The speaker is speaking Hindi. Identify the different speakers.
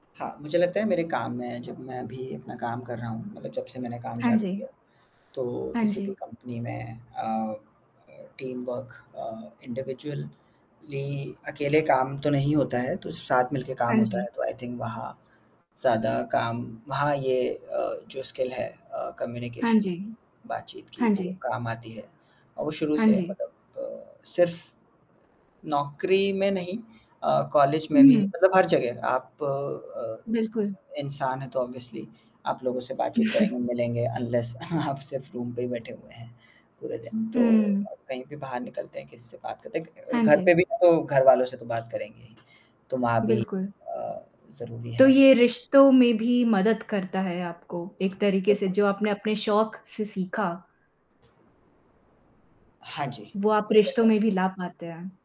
Speaker 1: हाँ, मुझे लगता है मेरे काम में जब मैं अभी अपना काम कर रहा हूँ मतलब जब से मैंने काम
Speaker 2: हाँ
Speaker 1: चालू
Speaker 2: जी।
Speaker 1: किया। तो
Speaker 2: हाँ
Speaker 1: किसी भी
Speaker 2: जी।
Speaker 1: कंपनी में अ, टीम वर्क अ, इंडिविजुअली अकेले काम तो नहीं होता है, तो साथ मिलके काम
Speaker 2: हाँ
Speaker 1: होता
Speaker 2: जी।
Speaker 1: है। तो आई थिंक वहाँ ज़्यादा काम हाँ, ये अ, जो स्किल है अ,
Speaker 2: हाँ
Speaker 1: कम्युनिकेशन
Speaker 2: जी।
Speaker 1: की, बातचीत की
Speaker 2: हाँ
Speaker 1: वो
Speaker 2: जी।
Speaker 1: काम आती है। और वो शुरू
Speaker 2: हाँ
Speaker 1: से है
Speaker 2: जी।
Speaker 1: मतलब अ, सिर्फ़ नौकरी में नहीं अ, कॉलेज में भी
Speaker 2: हुँ।
Speaker 1: मतलब हर जगह आप अ,
Speaker 2: बिल्कुल।
Speaker 1: इंसान है तो ऑब्वियसली आप लोगों से बातचीत करेंगे, मिलेंगे। अनलेस आप सिर्फ़ रूम पे ही बैठे हुए हैं पूरा दिन। तो
Speaker 2: हुँ।
Speaker 1: कहीं भी बाहर निकलते हैं, किसी से बात करते हैं क
Speaker 2: हाँ
Speaker 1: घर
Speaker 2: जी।
Speaker 1: पे भी तो घरवालों से तो बात करेंगे ही। तो वहाँ भी
Speaker 2: बिल्कुल।
Speaker 1: अ, ज़रूरी
Speaker 2: तो
Speaker 1: है।
Speaker 2: ये रिश्तों में भी मदद करता है आपको। एक तरीके से
Speaker 1: बिल्कुल।
Speaker 2: जो आपने अपने शौक से सीखा
Speaker 1: हाँ जी।
Speaker 2: वो आप
Speaker 1: कुछ
Speaker 2: रिश्तों
Speaker 1: ऐसा
Speaker 2: में भी ला पाते हैं।